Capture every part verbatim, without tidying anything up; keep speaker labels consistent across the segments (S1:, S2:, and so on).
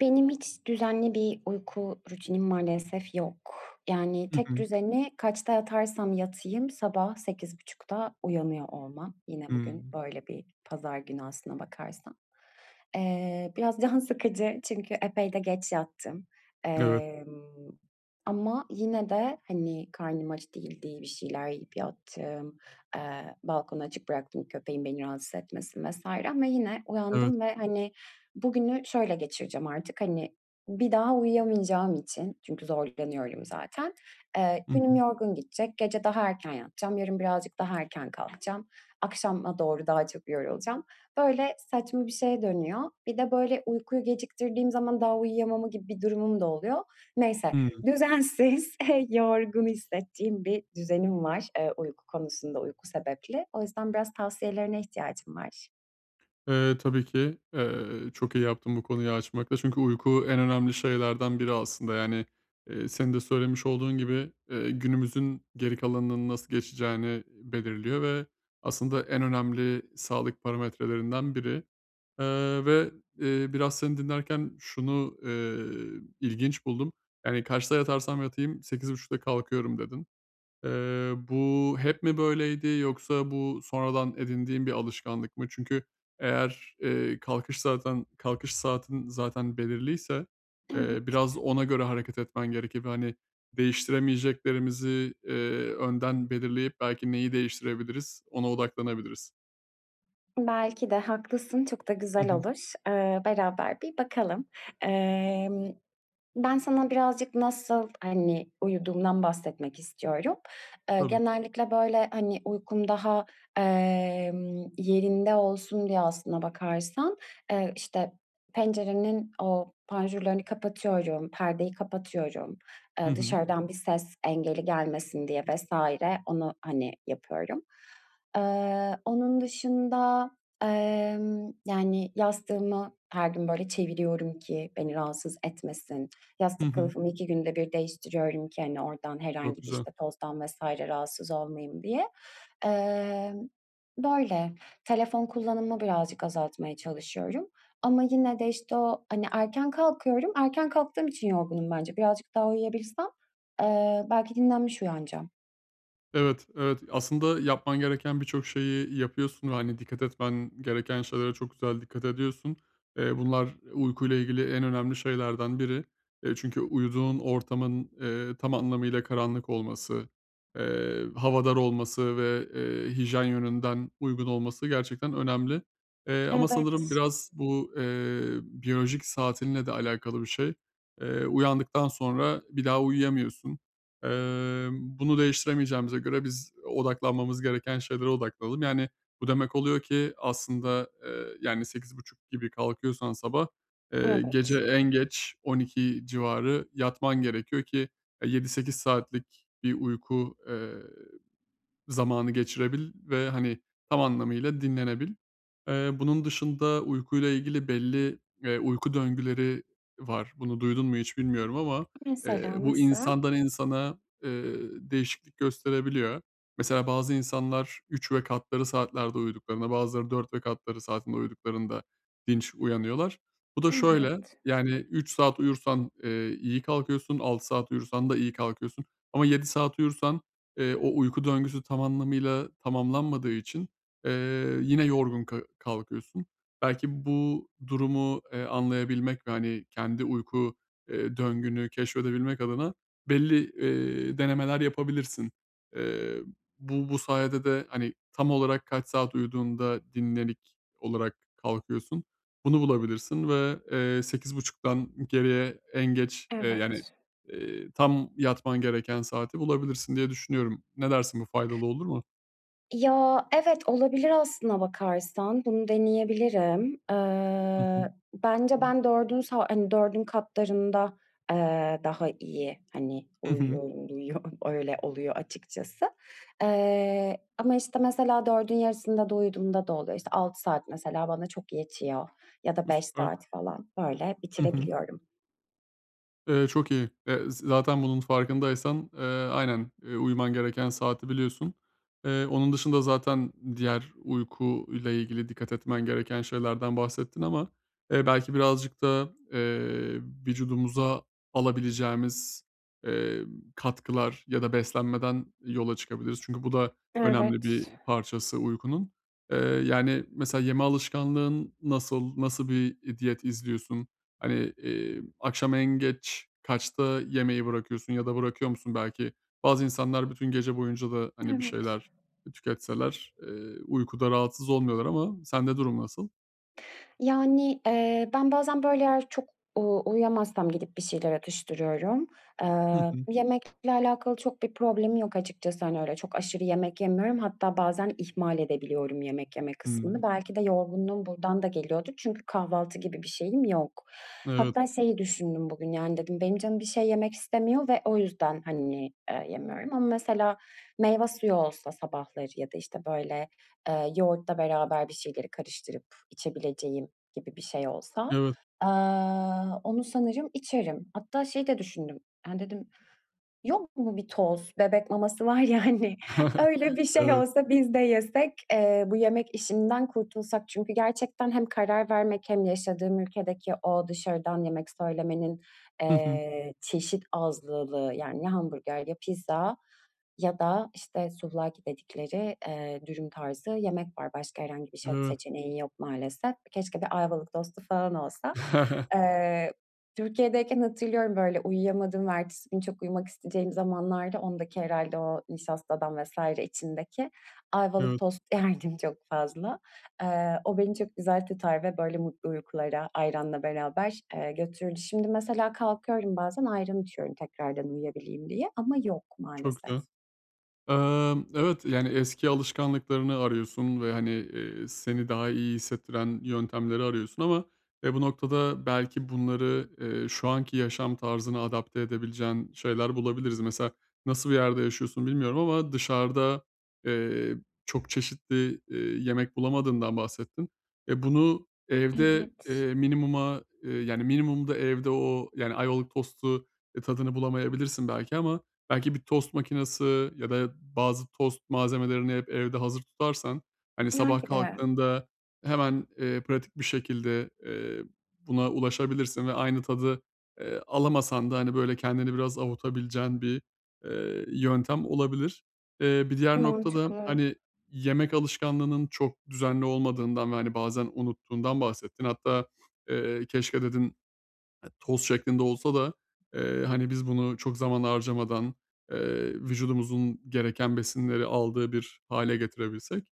S1: Benim hiç düzenli bir uyku rutinim maalesef yok. Yani,
S2: Hı
S1: tek
S2: hı.
S1: düzeni kaçta yatarsam yatayım sabah sekiz buçukta uyanıyor olmam. Yine bugün
S2: Hımm.
S1: böyle bir pazar günü aslına bakarsan. Eee, biraz can sıkıcı çünkü epey de geç yattım.
S2: Evet.
S1: Emm, ama yine de, hani, karnım aç değildi, bir şeyler yiyip yattım. Eee, balkonu açık bıraktım, köpeğim beni rahatsız etmesin vs. ama yine
S2: Evet.
S1: uyandım ve, hani, bugünü şöyle geçireceğim artık, hani, bir daha uyuyamayacağım için çünkü zorlanıyorum zaten, eee
S2: Hı
S1: günüm
S2: hı.
S1: yorgun geçecek, gece daha erken yatacağım, yarın birazcık daha erken kalkacağım, akşama doğru daha çok yorulacağım. Böyle saçma bir şeye dönüyor. Bir de, böyle, uykuyu geciktirdiğim zaman daha uyuyamama gibi bir durumum da oluyor. Neyse,
S2: Hıı.
S1: düzensiz, yorgun hissettiğim bir düzenim var, eee, uyku konusunda uyku sebepli. O yüzden biraz tavsiyelerine ihtiyacım var.
S2: Eee, tabii ki. Eee, çok iyi yaptın bu konuyu açmakta çünkü uyku en önemli şeylerden biri aslında. Yani, eee, senin de söylemiş olduğun gibi, eee, günümüzün geri kalanının nasıl geçeceğini belirliyor ve aslında en önemli sağlık parametrelerinden biri. Eee, ve, eee biraz seni dinlerken şunu, eee, ilginç buldum. Yani, "Kaçta yatarsam yatayım sekiz buçukta kalkıyorum." dedin. Eee, bu hep mi böyleydi yoksa bu sonradan edindiğin bir alışkanlık mı? Çünkü eğer, eee, kalkış zaten kalkış saatin zaten belirliyse, eee,
S1: Evet.
S2: biraz ona göre hareket etmen gerekir ve, hani, değiştiremeyeceklerimizi, eee, önden belirleyip belki neyi değiştirebiliriz ona odaklanabiliriz.
S1: Belki de haklısın, çok da
S2: Hı
S1: güzel
S2: hı.
S1: olur, ııı, beraber bir bakalım. Emm, ben sana birazcık nasıl, hani, uyuduğumdan bahsetmek istiyorum. Iıı,
S2: Tabii.
S1: genellikle, böyle, hani, uykum daha, emm, yerinde olsun diye, aslına bakarsan, eee, işte, pencerenin o panjurlarını kapatıyorum, perdeyi kapatıyorum,
S2: Hı
S1: ııı,
S2: hı.
S1: dışarıdan bir ses engeli gelmesin diye vs. onu, hani, yapıyorum. Iıı, onun dışında, ımm, yani, yastığımı her gün, böyle, çeviriyorum ki beni rahatsız etmesin.
S2: Hı
S1: Yastık
S2: hı.
S1: kılıfımı iki günde bir değiştiriyorum ki, hani, oradan
S2: Çok
S1: herhangi bir,
S2: güzel.
S1: işte, tozdan vs. rahatsız olmayayım, diye. Emm, böyle, telefon kullanımımı birazcık azaltmaya çalışıyorum. Ama yine de, işte, o, hani, erken kalkıyorum. Erken kalktığım için yorgunum bence. Birazcık daha uyuyabilsem, eee, belki dinlenmiş uyanacağım.
S2: Evet, evet, aslında yapman gereken birçok şeyi yapıyorsun ve, hani, dikkat etmen gereken şeylere çok güzel dikkat ediyorsun. Eee, bunlar uykuyla ilgili en önemli şeylerden biri. Eee, çünkü uyuduğun ortamın, eee, tam anlamıyla karanlık olması, eee, havadar olması ve, eee, hijyen yönünden uygun olması gerçekten önemli, eee, ama sanırım
S1: Evet.
S2: biraz bu, eee, biyolojik saatinle de alakalı bir şey. Eee, uyandıktan sonra bir daha uyuyamıyorsun. Eee, bunu değiştiremeyeceğimize göre biz odaklanmamız gereken şeylere odaklanalım. Yani, bu demek oluyor ki aslında, eee, yani, sekiz buçuk gibi kalkıyorsan sabah, eee, gece
S1: Evet.
S2: en geç on iki civarı yatman gerekiyor ki, eee, yedi sekiz saatlik bir uyku, eee, zamanı geçirebil ve, hani, tam anlamıyla dinlenebil. Eee, bunun dışında uykuyla ilgili belli, eee, uyku döngüleri var, bunu duydun mu hiç bilmiyorum ama, eee,
S1: Mesela,
S2: bu
S1: nasıl?
S2: insandan insana, eee, değişiklik gösterebiliyor. Mesela, bazı insanlar üç ve katları saatlerde uyuduklarında; bazıları dört ve katları saatinde uyuduklarında dinç uyanıyorlar. Bu da şöyle,
S1: Evet.
S2: yani, üç saat uyursan, eee, iyi kalkıyorsun, altı saat uyursan da iyi kalkıyorsun ama yedi saat uyursan, eee, o uyku döngüsü tam anlamıyla tamamlanmadığı için, eee, yine yorgun ka kalkıyorsun. Belki bu durumu, eee, anlayabilmek ve, hani, kendi uyku, eee, döngünü keşfedebilmek adına belli, eee, denemeler yapabilirsin. Eee, bu bu sayede de, hani, tam olarak kaç saat uyuduğunda dinlenik olarak kalkıyorsun, bunu bulabilirsin ve, eee, sekiz buçuktan geriye en geç, eee, yani,
S1: Evet.
S2: eee, tam yatman gereken saati bulabilirsin, diye düşünüyorum. Ne dersin? Bu faydalı olur mu?
S1: Ya, evet, olabilir, aslına bakarsan. Bunu deneyebilirim.
S2: Hı hı.
S1: Iıı, bence ben dördün sa hani, dördün katlarında, ııı, daha iyi, hani,
S2: Hı hı.
S1: uyuyo [unintelligible] öyle oluyor, açıkçası. Eee, ama, işte, mesela, dördün yarısında da uyuduğumda da oluyor. İşte, altı saat, mesela, bana çok yetiyor ya da
S2: Eee,
S1: beş
S2: süper.
S1: saat falan, böyle,
S2: Hı hı.
S1: bitirebiliyorum.
S2: Eee, çok iyi, eee, zı zaten bunun farkındaysan, eee, aynen, eee, uyuman gereken saati biliyorsun. Eee, onun dışında zaten diğer uyku ile ilgili dikkat etmen gereken şeylerden bahsettin ama, eee, belki birazcık da, eee, vücudumuza alabileceğimiz, eee, katkılar ya da beslenmeden yola çıkabiliriz. Çünkü, bu da önemli
S1: Evet.
S2: bir parçası uykunun. Eee, yani, mesela, yeme alışkanlığın nasıl, nasıl bir, eee, diyet izliyorsun? Hani, eee, akşam en geç kaçta yemeği bırakıyorsun ya da bırakıyor musun belki? Bazı insanlar bütün gece boyunca da, hani, bir
S1: Evet.
S2: şeyler tüketseler, eee, uykuda rahatsız olmuyorlar ama sende durum nasıl?
S1: Yani, eee, ben bazen, böyle, eğer çok u uyuyamazsam gidip bir şeyler atıştırıyorum.
S2: Hı
S1: Eee,
S2: hı.
S1: yemekle alakalı çok bir problemim yok açıkçası. Hani, öyle çok aşırı yemek yemiyorum. Hatta bazen ihmal edebiliyorum yemek yeme kısmını.
S2: Hıı.
S1: Belki de yorgunluğum buradan da geliyordur çünkü kahvaltı gibi bir şeyim yok.
S2: Evet.
S1: Hatta şeyi düşündüm bugün, yani, dedim benim canım bir şey yemek istemiyor ve o yüzden, hani, eee, yemiyorum. Ama mesela meyve suyu olsa sabahları ya da, işte, böyle, eee, yoğurtla beraber bir şeyleri karıştırıp içebileceğim gibi bir şey olsa,
S2: Evet.
S1: aaa, onu sanırım içerim. Hatta şeyi de düşündüm, hani, dedim yok mu bir toz? Bebek maması var ya, hani. Öyle bir şey
S2: Evet.
S1: olsa biz de yesek. Eee, bu yemek işinden kurtulsak. Çünkü gerçekten hem karar vermek hem yaşadığım ülkedeki o dışarıdan yemek söylemenin,
S2: Hı hı.
S1: eee, çeşit azlılığı, yani, ya hamburger ya pizza ya da, işte, σουβλάκι dedikleri, eee, dürüm tarzı yemek var. Başka herhangi bir şey yok,
S2: Evet.
S1: seçeneğin yok maalesef. Keşke bir Ayvalık tostu falan olsa. Eee, Türkiye'deyken hatırlıyorum, böyle, uyuyamadığımın ertesi günü çok uyumak isteyeceğim zamanlarda ondaki herhâlde o nişastadan vs. içindeki, Ayvalık
S2: Evet.
S1: tost yerdim çok fazla. Eee, o beni çok güzel tutar ve, böyle, mutlu uykulara, ayranla beraber, eee, götürürdü. Şimdi mesela kalkıyorum bazen, ayran içiyorum tekrardan uyuyabileyim diye. Ama yok,
S2: Çok
S1: maalesef.
S2: güzel. Emm, evet, yani, eski alışkanlıklarını arıyorsun ve, hani, iii, seni daha iyi hissettiren yöntemleri arıyorsun ama, e, bu noktada belki bunları, eee, şu anki yaşam tarzına adapte edebileceğin şeyler bulabiliriz. Mesela nasıl bir yerde yaşıyorsun bilmiyorum ama dışarıda, eee, çok çeşitli, iii, yemek bulamadığından bahsettin. E, bunu evde,
S1: Evet.
S2: eee, minimuma, yani, minimumda evde o, yani, Ayvalık tostu, ııı, tadını bulamayabilirsin belki ama belki bir tost makinesi ya da bazı tost malzemelerini hep evde hazır tutarsan, hani, sabah
S1: Belki de.
S2: kalktığında hemen, eee, pratik bir şekilde, eee, buna ulaşabilirsin ve aynı tadı, eee, alamasan da, hani, böyle, kendini biraz avutabileceğin bir, eee, yöntem olabilir. Eee, bir diğer
S1: Mantıklı.
S2: nokta da, hani, yemek alışkanlığının çok düzenli olmadığından ve, hani, bazen unuttuğundan bahsettin. Hatta, eee, keşke dedin, eee, toz şeklinde olsa da, eee, hani, biz bunu çok zaman harcamadan, eee, vücudumuzun gereken besinleri aldığı bir hâle getirebilsek.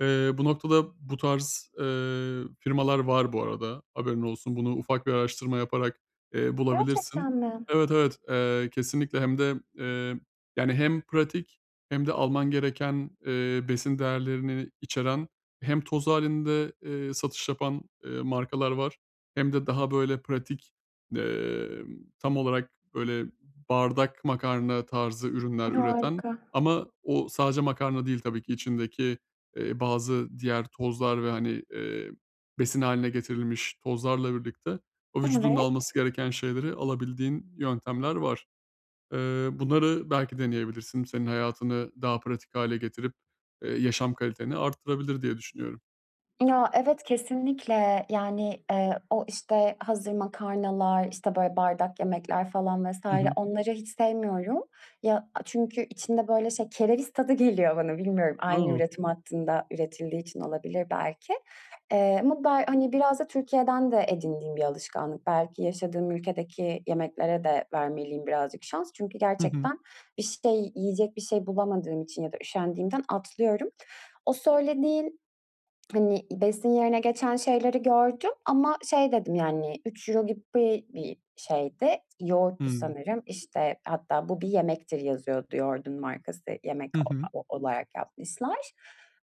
S2: Eee, bu noktada bu tarz, eee, firmalar var bu arada, haberin olsun. Bunu ufak bir araştırma yaparak, eee, bulabilirsin.
S1: Gerçekten mi?
S2: Evet, evet, eee, kesinlikle. Hem de, eee, yani, hem pratik hem de alman gereken, eee, besin değerlerini içeren, hem toz hâlinde, eee, satış yapan, eee, markalar var hem de daha, böyle, pratik, emm, tam olarak, böyle, bardak makarna tarzı ürünler üreten.
S1: Harika.
S2: Ama o sadece makarna değil tabii ki içindeki, eee, bazı diğer tozlar ve, hani, eee, besin hâline getirilmiş tozlarla birlikte, o vücudun da alması
S1: Evet.
S2: gereken şeyleri alabildiğin yöntemler var. Eee, bunları belki deneyebilirsin. Senin hayatını daha pratik hâle getirip, eee, yaşam kaliteni arttırabilir diye düşünüyorum.
S1: Ya, evet, kesinlikle. Yani, eee, o, işte, hazır makarnalar, işte, böyle, bardak yemekler falan vs.
S2: Hı hı.
S1: onları hiç sevmiyorum. Ya, a çünkü içinde, böyle, şey kereviz tadı geliyor bana bilmiyorum. Aynı
S2: A!
S1: üretim hattında üretildiği için olabilir belki. Eee, ama be hani, biraz da Türkiye'den de edindiğim bir alışkanlık. Belki yaşadığım ülkedeki yemeklere de vermeliyim birazcık şans çünkü
S2: Hı hı.
S1: gerçekten bir şey, yiyecek bir şey bulamadığım için ya da üşendiğimden atlıyorum. O söylediğin, hani, besin yerine geçen şeyleri gördüm ama şey dedim, yani, üç euro gibi bir şeydi. Yoğurttu
S2: Hıı.
S1: sanırım. İşte, hatta "Bu bir yemektir." yazıyordu yoğurdun markası yemek
S2: Hı hı.
S1: o o olarak yapmışlar.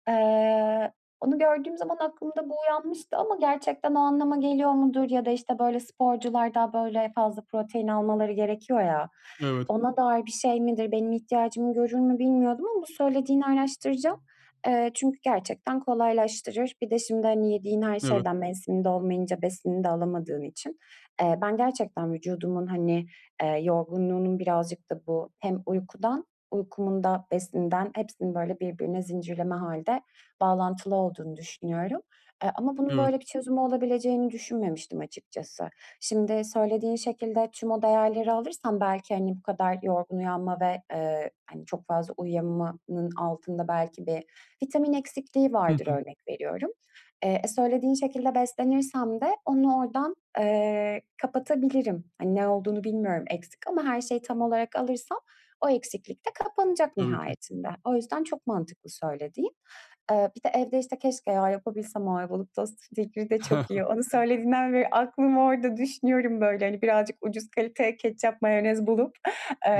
S1: Eee, onu gördüğüm zaman aklımda bu uyanmıştı ama gerçekten o anlama geliyor mudur ya da, işte, böyle, sporcular da, böyle, fazla protein almaları gerekiyor ya
S2: Evet.
S1: ona dair bir şey midir, benim ihtiyacımı görür mü bilmiyordum ama bu söylediğini araştıracağım. Eee, çünkü gerçekten kolaylaştırır. Bir de şimdi, hani, yediğin her
S2: Evet.
S1: şeyden mevsiminde olmayınca besinini de alamadığın için, eee, ben gerçekten vücudumun hani, eee, yorgunluğunun birazcık da bu hem uykudan, uykumun da besinden, hepsinin, böyle, birbirine zincirleme hâlde bağlantılı olduğunu düşünüyorum. Eee, ama bunun
S2: Evet.
S1: böyle bir çözümü olabileceğini düşünmemiştim açıkçası. Şimdi söylediğin şekilde tüm o değerleri alırsam belki, hani, bu kadar yorgun uyanma ve, eee, hani, çok fazla uyuyamamanın altında belki bir vitamin eksikliği
S2: Hı
S1: vardır
S2: hı.
S1: örnek veriyorum. Eee, e, söylediğin şekilde beslenirsem de onu oradan, eee, kapatabilirim. Hani, ne olduğunu bilmiyorum. Eksik ama her şeyi tam olarak alırsam o eksiklik de kapanacak
S2: Tabii ki.
S1: nihayetinde. O yüzden çok mantıklı söylediğin. Eee, bir de evde, işte, keşke ya yapabilsem. O Ayvalık tostu fikri de çok iyi. Onu söylediğinden beri aklım orada düşünüyorum, böyle, hani, birazcık ucuz kaliteye ketçap, mayonez bulup,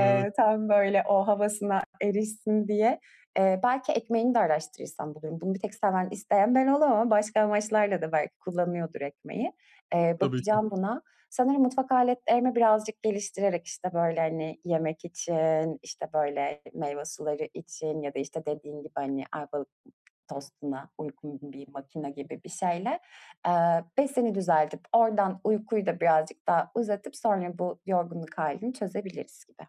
S2: Evet.
S1: tam, böyle, o havasına erişsin diye. Eee, belki ekmeğini de araştırırsam bulurum. Bunu bir tek seven, isteyen ben olamam. Başka amaçlarla da belki kullanıyordur ekmeği. Eee,
S2: Tabii ki.
S1: bakacağım buna. Sanırım mutfak aletlerimi birazcık geliştirerek, işte, böyle, hani, yemek için, işte, böyle, meyve suları için ya da, işte, dediğin gibi, hani, Ayvalık tostuna uygun bir makine gibi bir şeyle, eee, besini düzeltip oradan uykuyu da birazcık daha uzatıp sonra bu yorgunluk hâlini çözebiliriz gibi.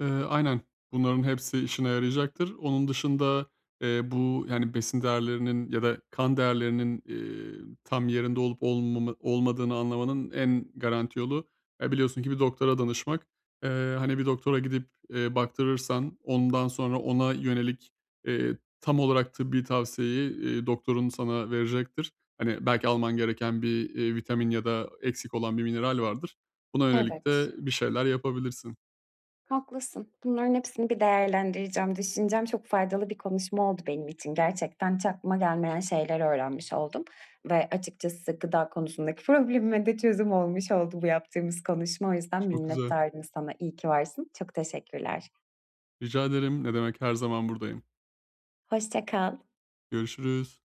S2: Eee, aynen, bunların hepsi işine yarayacaktır. Onun dışında, eee bu, yani, besin değerlerinin ya da kan değerlerinin, eee, tam yerinde olup olmamı olmadığını anlamanın en garanti yolu, e, biliyorsun ki bir doktora danışmak. Eee, hani, bir doktora gidip, eee, baktırırsan, ondan sonra ona yönelik, eee, tam olarak tıbbi tavsiyeyi, eee, doktorun sana verecektir. Hani, belki alman gereken bir, eee, vitamin ya da eksik olan bir mineral vardır, buna yönelik
S1: Evet.
S2: de bir şeyler yapabilirsin.
S1: Haklısın. Bunların hepsini bir değerlendireceğim, düşüneceğim. Çok faydalı bir konuşma oldu benim için. Gerçekten hiç aklıma gelmeyen şeyler öğrenmiş oldum ve açıkçası gıda konusundaki problemime de çözüm olmuş oldu bu yaptığımız konuşma. O yüzden
S2: Çok güzel.
S1: minnettarım sana. İyi ki varsın. Çok teşekkürler.
S2: Rica ederim, ne demek. Her zaman buradayım.
S1: Hoşça kal.
S2: Görüşürüz.